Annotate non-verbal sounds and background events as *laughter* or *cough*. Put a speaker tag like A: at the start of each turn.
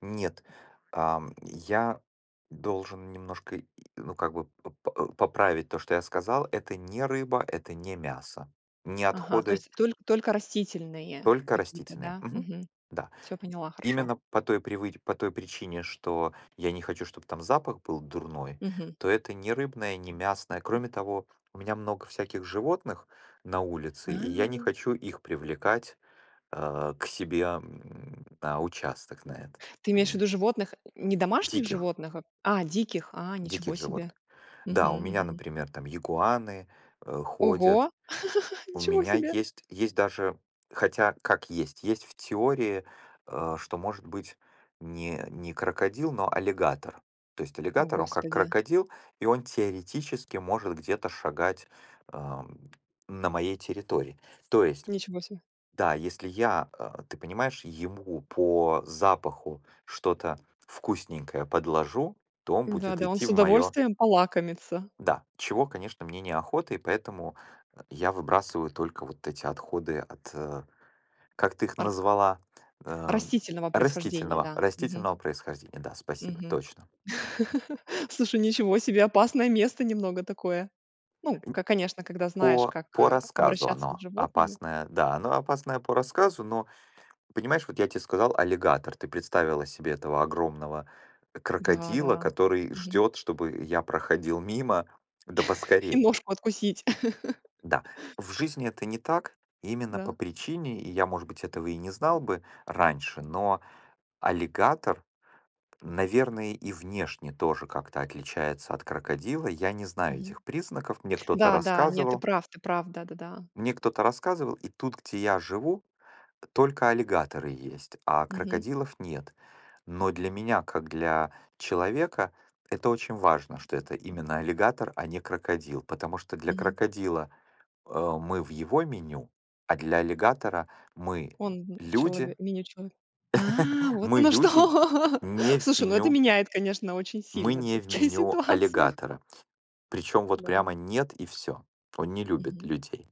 A: Нет, а, я должен немножко и ну, как бы, э, п поправить то, что я сказал. Это не рыба, это не мясо, не
B: Ага, то
A: отходы
B: есть то только растительные
A: только
B: какие-то,
A: растительные,
B: да?
A: мгм,
B: Мгм.
A: да.
B: Всё, поняла, хорошо.
A: Именно по той привы по той причине, что я не хочу, чтоб там запах был дурной,
B: Мгм.
A: то это не рыбное, не мясное. Кроме того, у меня много всяких животных на улице, и я не
B: А.
A: хочу их привлекать, э, к себе, м, на участок на этот,
B: Ты имеешь
A: понимаешь.
B: ввиду животных, н не домашних
A: Диких
B: животных, а, диких, а,
A: диких
B: ничего себе.
A: животных. Да,
B: Мгм,
A: у меня,
B: мгм.
A: например, там, игуаны, э, ходят.
B: Ого, *chuckles*
A: У
B: ничего
A: меня
B: себе.
A: есть есть даже хотя, как есть, есть в теории, э, что может быть не не крокодил, но аллигатор. То есть
B: О,
A: аллигатор, он как
B: Господи.
A: крокодил, и он теоретически может где-то шагать, ам, на моей территории. То есть,
B: Ничего себе.
A: да, если я, а, ты понимаешь, ему по запаху что-то вкусненькое подложу, то он будет
B: Да-да, он
A: идти
B: с
A: в мое
B: удовольствием полакомится.
A: да, чего, конечно, мне неохота, и поэтому я выбрасываю только вот эти отходы от, э, как ты их
B: Ар
A: назвала, эм,
B: растительного происхождения,
A: растительного
B: да. Мгм.
A: растительного происхождения. Да, спасибо,
B: Мгм.
A: точно.
B: *chuckles* Слушай, ничего себе. Опасное место немного такое. Ну,
A: Н
B: к конечно, когда знаешь,
A: по
B: как,
A: по
B: а,
A: рассказу
B: обращаться с
A: оно
B: животными.
A: опасное. Да, оно опасное по рассказу, но понимаешь, вот я те сказал, аллигатор, ты представила себе этого огромного крокодила,
B: Да-да,
A: который
B: мгм.
A: ждет, чтобы я проходил мимо, да
B: *chuckles* И
A: поскорей.
B: ножку откусить.
A: Да,
B: *chuckles*
A: в жизни это не так. Именно по
B: Да.
A: причине, и я, может быть, этого и не знал бы раньше, но аллигатор, наверное, и внешне тоже как-то отличается от крокодила. Я не знаю
B: Мгм.
A: этих признаков. Мне кто-то
B: Да-да, не, ты
A: рассказывал
B: прав, ты прав, да-да-да.
A: мне кто-то рассказывал, и тут, где я живу, только аллигаторы есть, а
B: Мгм.
A: крокодилов нет. Но для меня, как для человека, это очень важно, что это именно аллигатор, а не крокодил, потому что для
B: Мгм.
A: крокодила, э, мы в его меню, а для аллигатора- мы,
B: Он в чело
A: люди
B: меню чело а,
A: *chuckles*
B: вот
A: мы,
B: оно
A: люди,
B: что!
A: не в
B: Слушай, ну, это
A: меню
B: меняет, конечно, очень
A: мы
B: сильно
A: не в
B: всё-таки
A: меню
B: ситуацию.
A: аллигатора. Причем вот
B: Да.
A: прямо нет и всё. Он не любит
B: Мгм.
A: людей.